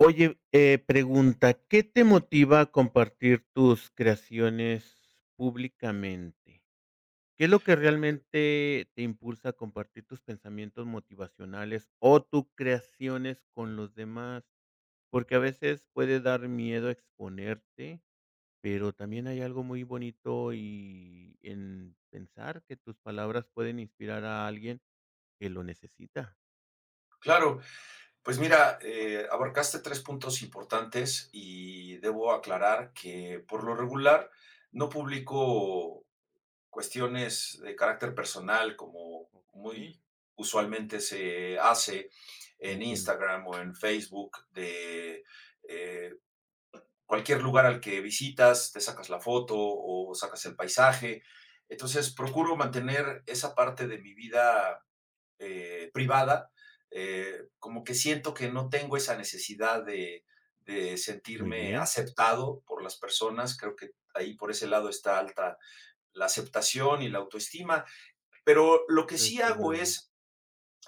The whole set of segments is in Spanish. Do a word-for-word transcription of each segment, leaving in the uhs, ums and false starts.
Oye, eh, pregunta, ¿qué te motiva a compartir tus creaciones públicamente? ¿Qué es lo que realmente te impulsa a compartir tus pensamientos motivacionales o tus creaciones con los demás? Porque a veces puede dar miedo exponerte, pero también hay algo muy bonito y en pensar que tus palabras pueden inspirar a alguien que lo necesita. Claro, pues mira, eh, abarcaste tres puntos importantes y debo aclarar que por lo regular no publico cuestiones de carácter personal como Okey. muy usualmente se hace en Entiendo. Instagram o en Facebook de, eh, cualquier lugar al que visitas, te sacas la foto o sacas el paisaje. Entonces, procuro mantener esa parte de mi vida, eh, privada, eh, como que siento que no tengo esa necesidad de de Muy sentirme bien. aceptado por las personas, creo que ahí por ese lado está alta la aceptación y la autoestima, pero lo que sí Desde hago luego. es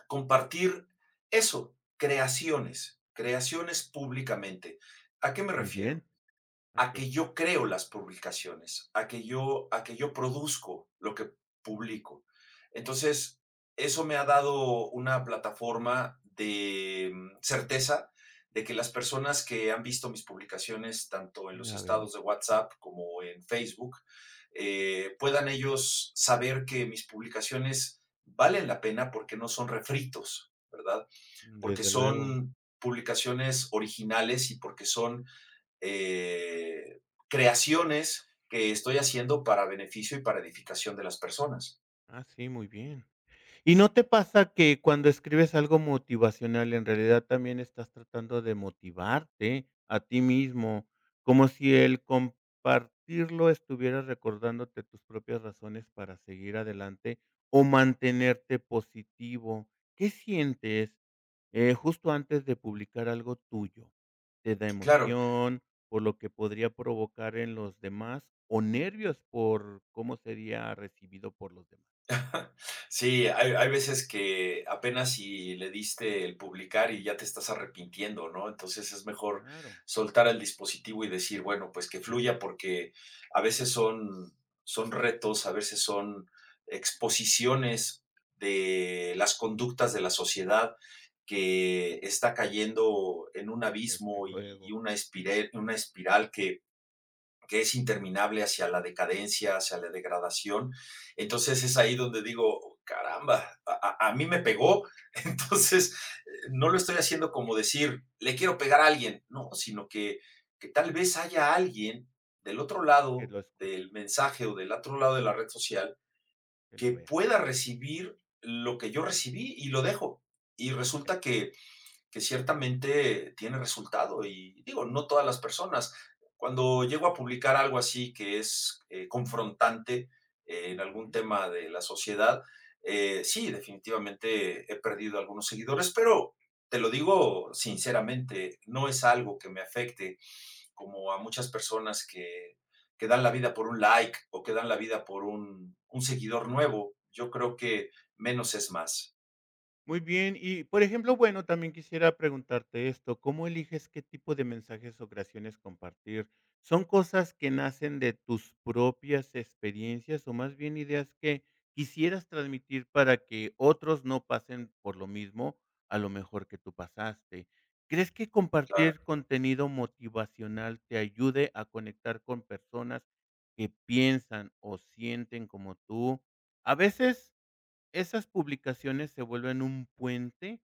compartir eso, creaciones, creaciones públicamente. ¿A qué me Muy bien. refiero? A A que. que yo creo las publicaciones, a que yo a que yo produzco lo que publico. Entonces, eso me ha dado una plataforma de, mm, certeza de, que las personas que han visto mis publicaciones, tanto en los [unintelligible] estados de WhatsApp como en Facebook, eh, puedan ellos saber que mis publicaciones valen la pena porque no son refritos, ¿verdad? Mm, Porque desde luego. son publicaciones originales y porque son, eh, creaciones que estoy haciendo para beneficio y para edificación de las personas. Ah, sí, muy bien. ¿Y no te pasa que cuando escribes algo motivacional en realidad también estás tratando de motivarte a ti mismo? Como si el compartirlo estuviera recordándote tus propias razones para seguir adelante o mantenerte positivo. ¿Qué sientes, eh, justo antes de publicar algo tuyo? ¿Te da Claro. emoción por lo que podría provocar en los demás o nervios por cómo sería recibido por los demás? Sí, hay v hay veces que apenas y le diste publicar y ya te estás arrepintiendo, ¿no? Entonces, es mejor Claro. soltar el dispositivo y decir: "Bueno, pues, que [unintelligible] fluya", porque a veces son son retos, a veces son exposiciones de las conductas de la sociedad que está cayendo en un Desde abismo y luego. y una espirel una espiral que que es interminable hacia la decadencia, hacia la degradación. Entonces, es ahí donde digo: "Caramba, a a a mí me pegó". Entonces, no lo estoy haciendo como decir: "Le quiero pegar a alguien", ¿no?, sino que que tal vez haya alguien del otro Que lado lo escuche. del mensaje o del otro lado de la red social Que lo que vea. pueda recibir lo que yo recibí, y lo dejo. Y Ya. resulta que que ciertamente tiene resultado y digo: "No todas las personas". Cuando llego a publicar algo así que es, eh, confrontante, eh, en algún Ujú. tema de la sociedad, eh, sí, definitivamente he perdido algunos seguidores, pero te lo digo sinceramente, no es algo que me afecte como a muchas personas que que dan la vida por un like o que dan la vida por un un seguidor nuevo, yo creo que menos es más. Muy bien y, por ejemplo, bueno, también quisiera preguntarte esto, ¿cómo eliges qué tipo de mensajes o creaciones compartir? ¿Son cosas que nacen de tus propias experiencias o más bien ideas que quisieras transmitir para que otros no pasen por lo mismo, a lo mejor que tú pasaste? ¿Crees que Claro. compartir contenido motivacional te ayude a conectar con personas que piensan o sienten como tú? A veces esas publicaciones se vuelven un puente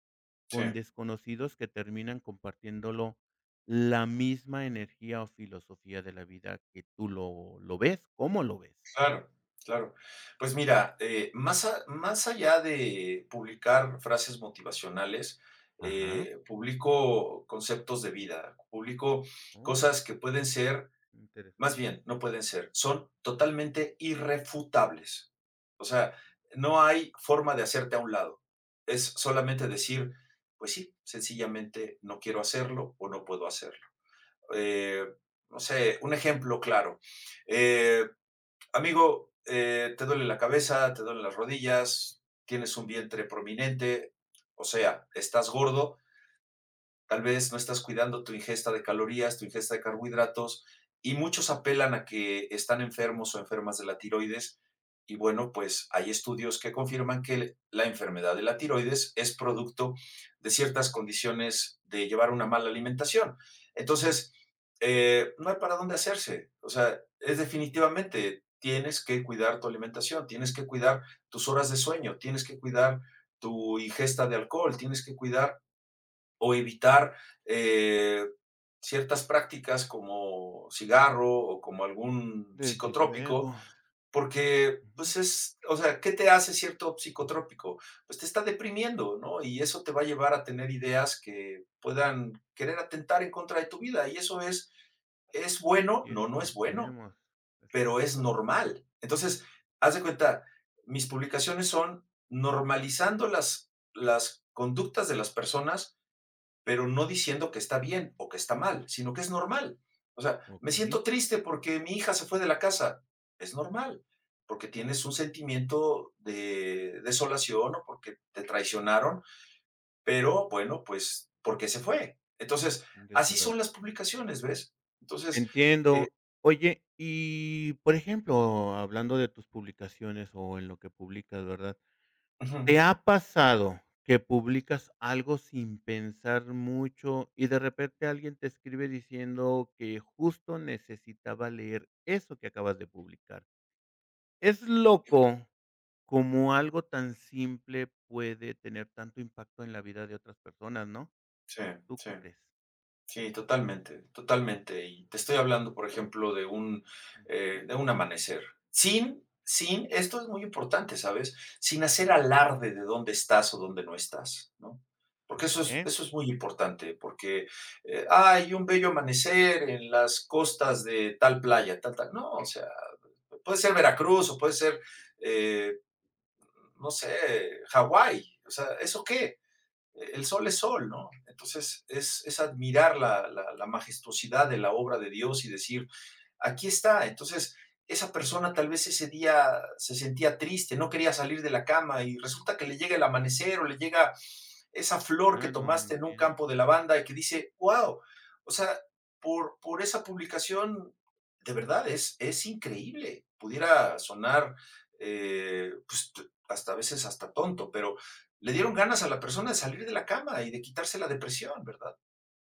con Sí. desconocidos que terminan compartiéndolo la misma energía o filosofía de la vida que tú lo lo ves, ¿cómo lo ves? Claro, claro. Pues mira, eh, más a más allá de publicar frases motivacionales, Ajá. eh, publico conceptos de vida, publico Oh. cosas que pueden ser, más Interesante. bien no pueden ser, son totalmente irrefutables. O sea, no hay forma de hacerte a un lado. Es solamente decir: "Pues sí, sencillamente no quiero hacerlo o no puedo hacerlo". Eh, no sé, un ejemplo claro: "Eh, amigo, eh, ¿te duele la cabeza, te duelen las rodillas, tienes un vientre prominente? O sea, estás gordo" "tal vez no estás cuidando tu ingesta de calorías, tu ingesta de carbohidratos", y muchos apelan a que están enfermos o enfermas de la tiroides, y bueno, pues hay estudios que confirman que la enfermedad de la tiroides es producto de ciertas condiciones de llevar una mala alimentación. Entonces, eh, no hay para donde hacerse, o sea, es definitivamente, tienes que cuidar tu alimentación, tienes que cuidar tus horas de sueño, tienes que cuidar tu ingesta de alcohol, tienes que cuidar o evitar, eh, ciertas prácticas como cigarro o como algún Desde psicotrópico luego. porque Ujú. pues es, o sea, ¿qué te hace cierto psicotrópico?, pues te está deprimiendo, ¿no?, y eso te va a llevar a tener ideas que puedan querer atentar en contra de tu vida y eso, ¿es es bueno?, Si es no, que no es nos bueno, vemos, pero es exacto. normal. Entonces, haz de cuenta, mis publicaciones son normalizando las las conductas de las personas, pero no diciendo que está bien o que está mal, sino que es normal. O sea, me Okey. siento triste porque mi hija se fue de la casa, es normal, porque tienes un sentimiento de desolación o porque te traicionaron, pero bueno pues, ¿porqué se fue? Entonces Desde así luego. son las publicaciones, ¿ves? Entonces, eh Entiendo. Oye, y, por ejemplo, hablando de tus publicaciones o en lo que publicas, ¿verdad? ujú. ¿Te ha pasado que publicas algo sin pensar mucho y de repente alguien te escribe diciendo que justo necesitaba leer eso que acabas de publicar? Es loco como algo tan simple puede tener tanto impacto en la vida de otras personas, ¿no? Sí, ¿Tú sí. qué crees? Sí, totalmente, totalmente. Y te estoy hablando, por ejemplo, de un, Ujú, eh, jum. de un amanecer. Sin sin, esto es muy importante, ¿sabes?, sin hacer alarde de dónde estás o dónde no estás, ¿no? Porque eso es Okey. eso es muy importante, porque hay un bello amanecer en las costas de tal playa, tal tal, no, o sea, puede ser Veracruz o puede ser, eh, no sé, Hawái, o sea, ¿eso qué?, el sol es sol, ¿no? Entonces es es admirar la la la majestuosidad de la obra de Dios y decir: "Aquí está". Entonces, esa persona tal vez ese día se sentía triste, no quería salir de la cama y resulta que le llega el amanecer o le llega esa flor que Ya no más, me tomaste en un entiendo. campo de lavanda y que dice: "Guau", o sea, por por esa publicación de verdad es es increíble, pudiera sonar, eh, pues hasta a veces hasta tonto, pero le dieron ganas a la persona de salir de la cama y de quitarse la depresión, ¿verdad?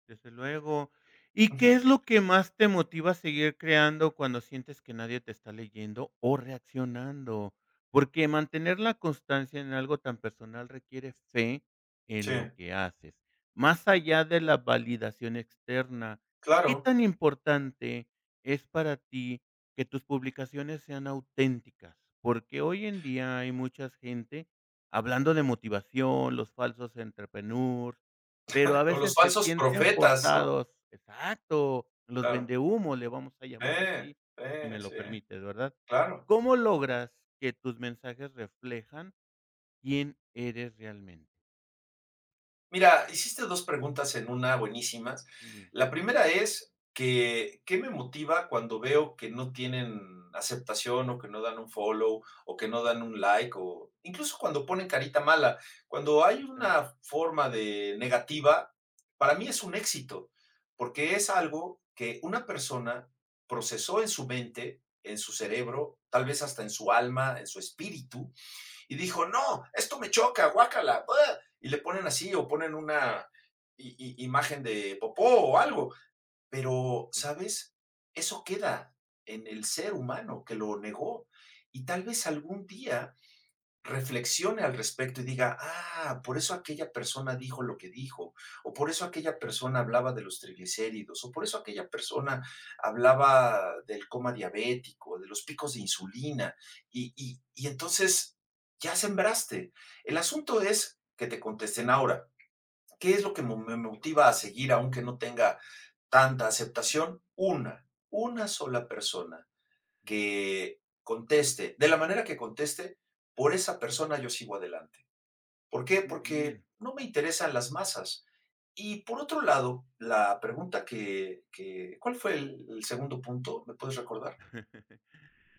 Desde luego, ¿y qué es Ujú. lo que más te motiva a seguir creando cuando sientes que nadie te está leyendo o reaccionando?, porque mantener la constancia en algo tan personal requiere fe en lo Sí. que haces, más allá de la validación externa, ¿qué Claro. tan importante es para ti que tus publicaciones sean auténticas?, porque hoy en día hay muchas gente hablando de motivación, los falsos entrepreneurs, pero a O los veces se falsos sienten profetas, ¿no?, claro. forzados, exacto, los Claro. vendehúmo, le vamos a llamar Eh así, si eh. me lo Sí. permites, ¿verdad? Claro. ¿Cómo logras que tus mensajes reflejan quién eres realmente? Mira, hiciste dos preguntas en una buenísimas. Sí. La primera es que, ¿qué me motiva cuando veo que no tienen aceptación o que no dan un follow, o que no dan un like, o incluso cuando pone carita mala?, cuando hay Sí, claro. una forma de negativa, para mí Ujú. es un éxito, porque es algo que una persona procesó en su mente, en su cerebro, tal vez, hasta en su alma, en su espíritu, y dijo: "No, esto me choca, guácala, ah", y le ponen así, o ponen una i i imagen de popó o algo, pero, Sí. ¿sabes?, eso queda en el ser humano que lo negó y, tal vez algún día, reflexione al respecto, y diga: "Ah, por eso aquella persona dijo lo que dijo, o por eso aquella persona hablaba de los triglicéridos, o por eso aquella persona hablaba del coma diabético, de los picos de insulina". Y y y entonces, ya sembraste. El asunto es que te contesten ahora, ¿qué es lo que me me [unintelligible] motiva a seguir aunque no tenga tanta aceptación?, una una sola persona que conteste, de la manera que conteste, por esa persona yo sigo adelante, ¿por qué?, Muy porque bien. no me interesan las masas. Y, por otro lado, la pregunta que que ¿cuál fue el el segundo punto? ¿Me puedes recordar?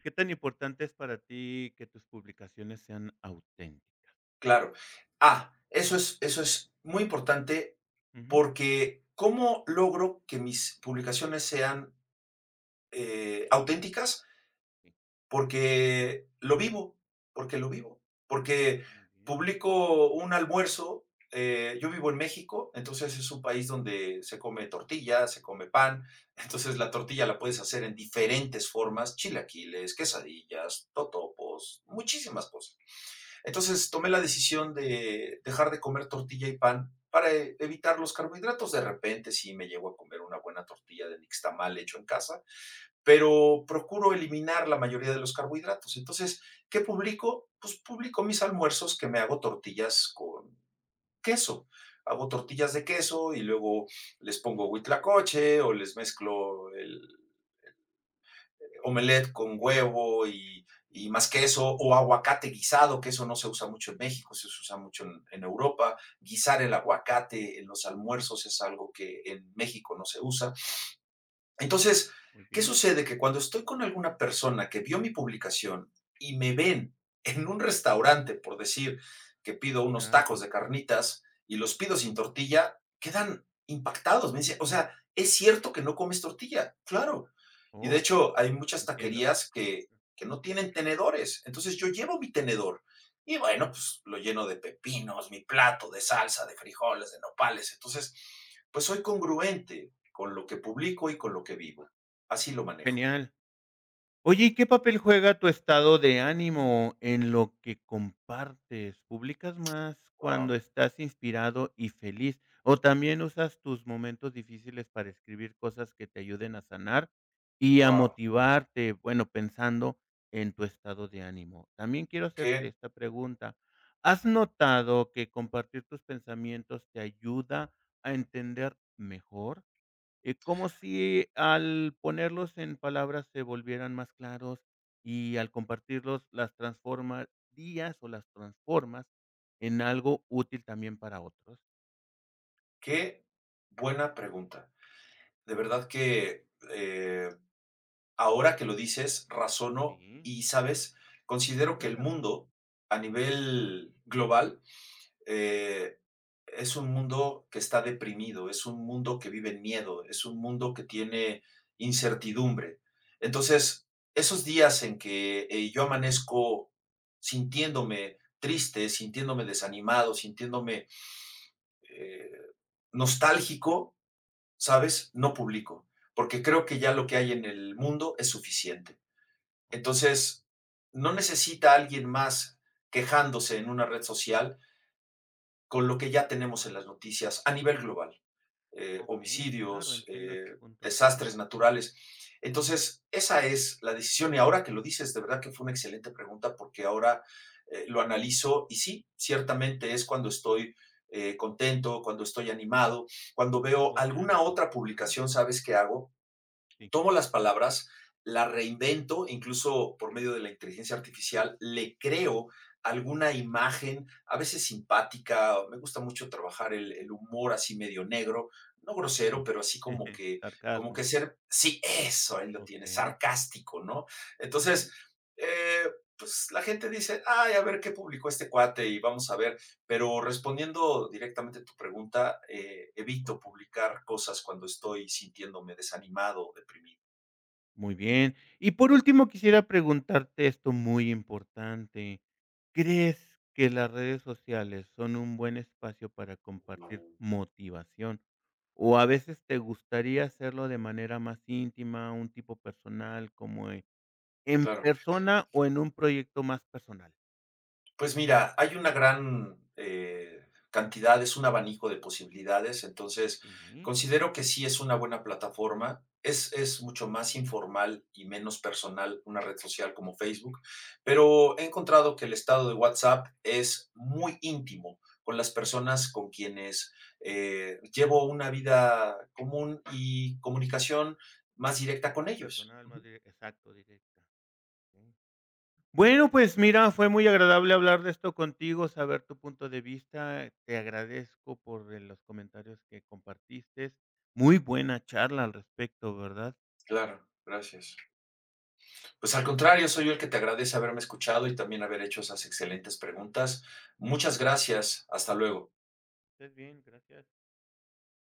¿Qué tan importante es para ti que tus publicaciones sean auténticas? Claro. Ah, eso es eso es muy importante Ujú. porque, ¿cómo logro que mis publicaciones sean, eh, auténticas? Porque lo vivo porque lo vivo. Porque Muy bien. publicó un almuerzo, eh, yo vivo en México, entonces es un país donde se come tortillas, se come pan. Entonces la tortilla la puedes hacer Claro. en diferentes formas: chilaquiles, quesadillas, totopos, muchísimas cosas. Entonces, tomé la decisión de dejar de comer tortilla y pan para evitar los carbohidratos. De repente, sí me llego a comer una buena tortilla de nixtamal hecho en casa, pero procuro eliminar la mayoría de los carbohidratos. Entonces, ¿qué publico? Pues publico mis almuerzos que me hago tortillas con queso. Hago tortillas de queso y luego les pongo huitlacoche o les mezclo el el omelette con huevo y y más queso o aguacate guisado que eso no se usa mucho en México, eso se usa mucho en en Europa. Guisar el Oh. aguacate en los almuerzos es algo que en México no se usa. Entonces, ¿qué Okey. sucede? Que cuando estoy con alguna persona que vio mi publicación y me ven en un restaurante, por decir que pido unos Ah, bueno. tacos de carnitas y los pido sin tortilla, quedan impactados. Me dicen: "O sea, es cierto que no comes tortilla" claro. Y de Oh, hecho se hay va muchas repitiendo. taquerías que no tienen tenedores. Entonces yo llevo mi tenedor. Y bueno, pues lo lleno de pepinos, mi plato, de salsa, de frijoles, de nopales. Entonces, pues, soy congruente con lo que publico y con lo que vivo. Así lo manejo. Genial. Oye, ¿y qué papel juega tu estado de ánimo en lo que compartes? ¿Publicas más cuando Guau. estás inspirado y feliz? O también usas tus momentos difíciles para escribir cosas que te ayuden a sanar y a Guau. motivarte, bueno, pensando en tu estado de ánimo. También quiero hacerte Que. esta pregunta. ¿Has notado que compartir tus pensamientos te ayuda a entender mejor? Y como si al ponerlos en palabras se volvieran más claros y al compartirlos las transformarías o las transformas en algo útil también para otros. Que buena pregunta. De verdad que, eh, ahora que lo dices, razono, Sí. ¿y sabes? Considero que el Cuéntame. mundo, a nivel global, eh, es un mundo que está deprimido, es un mundo que vive en miedo, es un mundo que tiene incertidumbre. Entonces, esos días en que, eh, yo amanezco sintiéndome triste, sintiéndome desanimado, sintiéndome, eh, nostálgico, ¿sabes? No publico. Porque creo que ya lo que hay en el mundo es suficiente. Oh. Entonces, no necesita alguien más quejándose en una red social con lo que ya tenemos en las noticias a nivel global, eh, Okey. Claro, homicidios, entiendo eh, este punto. desastres naturales. Entonces, esa es la decisión. Y ahora que lo dices, de verdad que fue una excelente pregunta, porque ahora, eh, lo analizo y sí, ciertamente, es cuando estoy, eh, contento, cuando estoy animado, cuando veo Estado de alguna ánimo. otra Ujú. publicación, ¿sabes qué hago? Sí. Tomo las palabras, la reinvento, incluso por medio de la inteligencia artificial, le creo alguna imagen, a veces simpática, me gusta mucho trabajar el el humor así medio negro, no Mm. grosero, pero así como que como Sarcasmo. que ser sí, eso, ahí lo tienes, Okey. sarcástico, ¿no? Entonces, eh, pues, la gente dice: ay, a ver qué publicó este cuate y vamos a ver. Pero respondiendo directamente a tu pregunta, eh, Sí, por evito favor. publicar cosas cuando estoy sintiéndome desanimado o deprimido. Muy bien. Y por último quisiera preguntarte esto muy importante. ¿Crees que las redes sociales son un buen espacio para compartir motivación? ¿O a veces te gustaría hacerlo de manera más íntima, un tipo personal, como en en Claro. persona o en un proyecto más personal? Pues mira, hay una gran, eh, cantidad, es un abanico de posibilidades, entonces Sí. considero que sí es una buena plataforma. Es es mucho más informal y menos personal una red social como Facebook, pero he encontrado que el estado de WhatsApp es muy íntimo con las personas con quienes, eh, llevo una vida común y comunicación más directa Es mas con ellos. personal, mas Ujú. directa, exacto, directa, okey. Bueno, pues mira, fue muy agradable hablar de esto contigo, saber tu punto de vista. Te agradezco por eh, los comentarios que compartiste. Muy buena charla al respecto, ¿verdad? Claro, gracias. Pues al Okey, contrario, soy sí. yo el que te agradece haberme escuchado y también haber hecho esas excelentes preguntas. Muchas gracias. Hasta luego. ¿Estés bien? Gracias.